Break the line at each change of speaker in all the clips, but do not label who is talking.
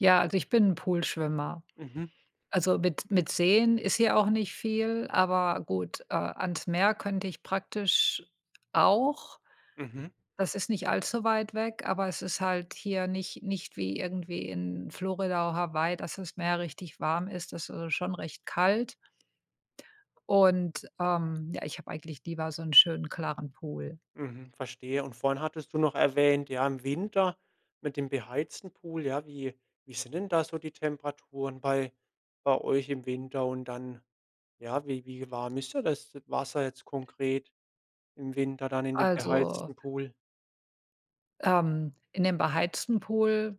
Ja, also ich bin 'n Poolschwimmer.
Mhm.
Also mit mit Seen ist hier auch nicht viel, aber gut, äh, ans Meer könnte ich praktisch auch,
Mhm.
das ist nicht allzu weit weg, aber es ist halt hier nicht nicht wie irgendwie in Florida oder Hawaii, dass das Meer richtig warm ist. Das ist schon recht kalt. Und, ähm, ja, ich habe eigentlich lieber so 'n schönen klaren Pool.
Mhm, verstehe. Und vorhin hattest du noch erwähnt, ja, im Winter mit dem beheizten Pool, ja, wie wie sind denn da so die Temperaturen bei bei euch im Winter? Und dann ja, wie wie warm ja ist da das Wasser jetzt konkret im Winter dann in dem
Also
beheizten Pool?
ähm, in dem beheizten Pool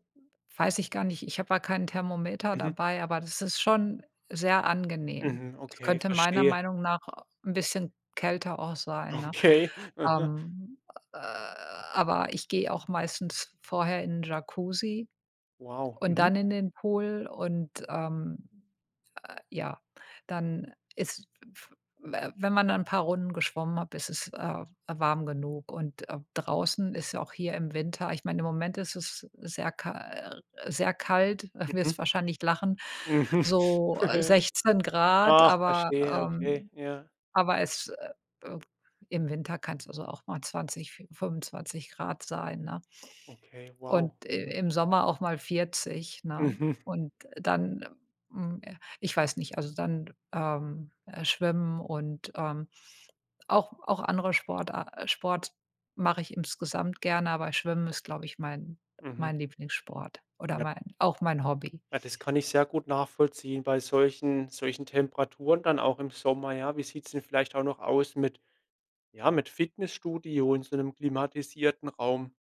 weiß ich gar nicht. Ich habe da kein Thermometer
Mhm.
dabei, aber das ist schon sehr angenehm.
Mhm.
Es
Okay,
könnte meiner
verstehe.
Meinung nach 'n bisschen kälter auch sein, ne?
Okay. Mhm.
Ähm, äh, aber ich gehe auch meistens vorher in Jacuzzi
Wow.
und
Mhm.
dann in den Pool und, ähm, äh, ja, dann ist, w w we wenn man dann 'n paar Runden geschwommen hat, ist es, äh, warm genug. Und, äh, draußen ist ja auch hier im Winter ich mein im Moment ist es sehr ka sehr kalt,
Mhm.
wirst wahrscheinlich lachen,
Mhm.
so 16 Grad,
Ach,
aber,
verstehe. Okay.
ähm
Ja.
aber es, äh, äh im Winter kann's also auch mal 20 C 25 C sein, ne?
Okay. Wow.
Und i
Mhm.
im Sommer auch mal 40 C, ne?
Mhm.
Und dann, ähm, hm ich weiß nicht, also dann, ähm, äh, schwimmen und, ähm, auch auch andere Sportar Sport mache ich insgesamt gerne, aber schwimmen ist, glaube ich, mein
Mhm.
mein Lieblingssport oder
Ja.
mein auch mein Hobby.
Ja, das kann ich sehr gut nachvollziehen bei solchen solchen Temperaturen dann auch im Sommer, ja. Wie sieht's denn vielleicht auch noch aus mit ja, mit Fitnessstudio in so 'nem klimatisierten Raum?